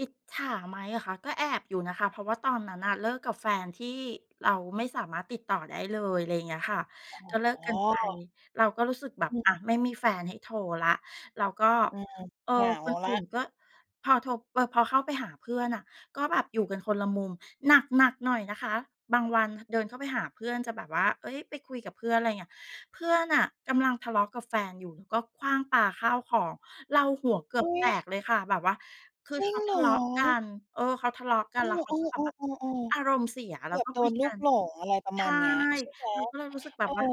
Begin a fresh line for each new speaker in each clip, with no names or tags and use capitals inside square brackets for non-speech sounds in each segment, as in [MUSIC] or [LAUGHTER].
อิจฉาไหมเหรอคะ ก็แอบอยู่นะคะ เพราะว่าตอนนั้นน่ะเลิกกับแฟนที่เราไม่สามารถติดต่อได้เลย อะไรเงี้ยค่ะ
อ
ก็เลิก
๋อ
กันไป เราก็รู้สึกแบบ
อื
อา
ม
ไม่มีแฟนให้โทรแล้ว เราก็
อืม
เออ
เหงา
คน
แ
อ
ล้
ื่
ว
นก็ พอโทร พ พอเข้าไปหาเพื่อนน่ะ ก็แบบอยู่กันคนละมุม หนัก ๆ หน่อยนะคะ บางวัน ท เดินเข้าไปหาเพื่อนจะแบบว่า เอ๊ย ไปคุยกับเพื่อน อะไรเงี้ย เพื่อนน่ะกำลังทะเลาะกับแฟนอยู่ ก็ขว้างปาข้าวของ เราหัวเกือ
อุ
บ
๊
แตก
ย
เลยค่ะ แบบว่าคือ
จร
เ
ิ
ข
ง
า
เ
ท
หร
ะเลาะกั
อ?
น เออ เขาทะเลาะกั
เอ
น
อ
แล้วเขาก็จะแบ
ๆ
บอา
ๆ
ร
ๆ
มณ์เสีย
ๆ เ
แ
ก
ล้
ื
ว
อบ
ก็
โด
คุย
นลู
กั
ก
น
หลง อะไรประ
ใช
มา
่
ณเนี้ย ใช่ไหม?
เราก็เลยรู้สึกแบ
เอ
บ
อ
ว่า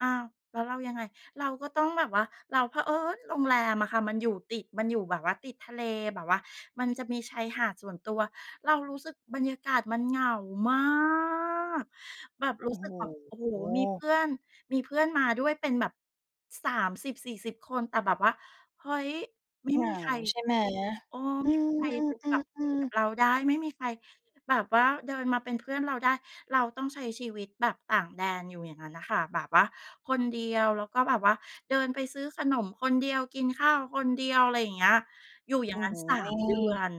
"อ้าว แล้วเรายังไง?" เราก็ต้องแบบว่า เราเผอิญโรงแรมอะค่ะ มันอยู่ติด มันอยู่แบบว่าติดทะเล แบบว่ามันจะมีชายหาดส่วนตัว เรารู้สึกบรรยากาศมันเหงา มาก แบบร
โอ
ู้
้
สึ
โ
กแบบ โอ้โฮ มีเพ
ฮ
ื่อน มีเพื่อนมาด้วยเป็นแบบ 30-40 คน แต่แบบว่า เฮ้ย ไม่
เหง
มี
า
ใคร
ใช่ไหม?
คุย เออ
อื
ไม่มีใครอยู่แบบคุย
ม
กับเรา
ๆ ๆ
ไ
ๆ
ด้ ไม่มีใครแบบว่าเดินมาเป็นเพื่อนเราได้ เราต้องใช้ชีวิตแบบต่างแดนอยู่อย่างงั้นน่ะค่ะ แบบว่าคนเดียว แล้วก็แบบว่าเดินไปซื้อขนมคนเดียว กินข้าวคนเดียว อะไรอย่างเงี้ย อยู่อย
โ
่
อ
า
้
งงั้
โ
น สา
ฮ
ม เดือน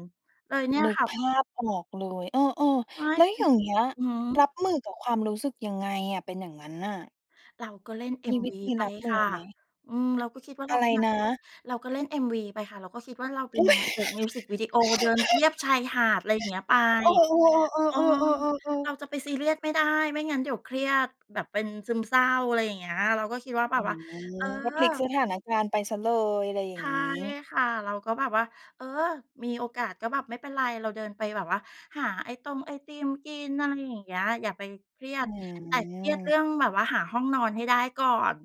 เลยเนี่ย
นึก
ค่
ภ
ะ
าพออกเลย เออ
ใช่
ๆ แล้ว
มั
อย
น
่างเงี้ย
อือฮ
ร
ึ
ับมือกับความรู้สึกยังไงอะ เป็นอย่างงั้นน่ะ?
เราก็เล่น
มีว
MV
ิธี
ไป
รับม
ค
ื
่
อ
ะ
ไหม?
อืม เราก็คิดว่าเ
อ
ร
ะ
า
ไ
เ
ร
ป็นนา
น
ง
ะ?
เอก เราก็เล่น MV ไปค่ะ เราก็คิดว่าเราเป็
อ
น
ุ๊
น
ย
างเอกมิวสิกวิดีโอ เดินเรียบชายหาด ไรเงี้ยไป
[LAUGHS] เออ
เออ
ๆ ๆ ๆ ๆ ๆ ๆ
เ
ๆ
ราจะไปซีเรียสไม่ได้ ไม่งั้นเดี๋ยวเครียดแบบเป็นซึมเศร้า อะไรอย่างเงี้ย เราก็คิดว่าแบ
อื
บว่า
ม
เออ
ก็พลิกสถานการณ์ไปเสียเลย อะไรอย่
ใช
าง
่
งี้
ค่ะ เราก็แบบว่า เออ มีโอกาสก็แบบ ไม่เป็นไร เราเดินไปแบบว่าหาไอตงไอติมกิน อะไรอย่างเงี้ย อย่าไปเครีย
อ
ด
ื
แต่เครียดเรื
ม
่องแบบว่าหาห้องนอนให้ได้ก่อน